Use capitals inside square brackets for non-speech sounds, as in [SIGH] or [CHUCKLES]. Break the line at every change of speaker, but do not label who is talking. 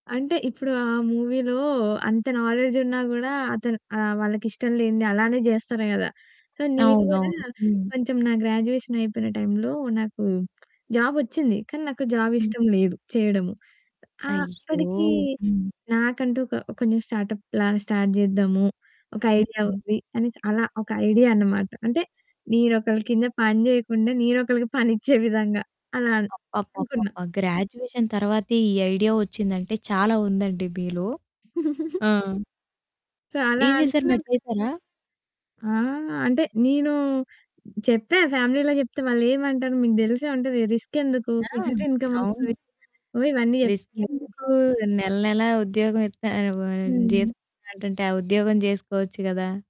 అంటే, ఇప్పుడు ఆ మూవీలో అంత నాలెడ్జ్ ఉన్నా గూడా, అతను ఆహ్, వాళ్ళకి ఇష్టం లేనిది అలానే జేస్తారు గదా! సో, నేను గూడా
అవునవును. హ్మ్.
కొంచెం నా గ్రాడ్యుయేషన్ అయిపోయిన టైంలో నాకు జాబ్ ఒచ్చింది. కానీ, నాకు జాబ్
హ్మ్.
ఇష్టం లేదు చేయడము.
అయ్యో!
ఆప్పడికి
హ్మ్.
నాకంటూ ఒక కొంచెం స్టార్టప్‌లా స్టార్ట్ జేద్దాము. ఒక
హ్మ్,
ఐడియా
హ్మ్.
ఉంది. అనేసి అలా ఒక ఐడియా అనమాట. అంటే, నేనొకళ్ళ కింద పని జేయకుండా నేనొకళ్ళకి పనిచ్చే [CHUCKLES] విధంగా అలాన్ అనుకున్నా.
అబ్బబ్బబ్బబ్బా! గ్రాడ్యుయేషన్ తర్వాతే ఈ ఐడియా ఒచ్చిందంటే, చాలా ఉందండి మీలో.
[GIGGLES]
ఆ!
చాలా
ఏం జేశారు?
అనుకున్నా
మరి చేశారా?
ఆ! అంటే నేను చెప్పా. ఫ్యామిలీ‌లో జెప్తే వాళ్ళేమంటారూ? మీకు దెలిసే ఉంటది. రిస్క్ ఎందుకు?
ఆ!
ఫిక్స్‌డ్ ఇన్‌కమ్
అవును.
వస్తది. అవి ఇవన్నీ
రిస్క్
జెప్పారు.
ఎందుకు? నెల నెలా ఉద్యోగం ఇత్తా వ
హ్మ్.
జీతం ఇస్తా అంటుంటే, ఆ ఉద్యోగం జేసుకోవచ్చు గదా!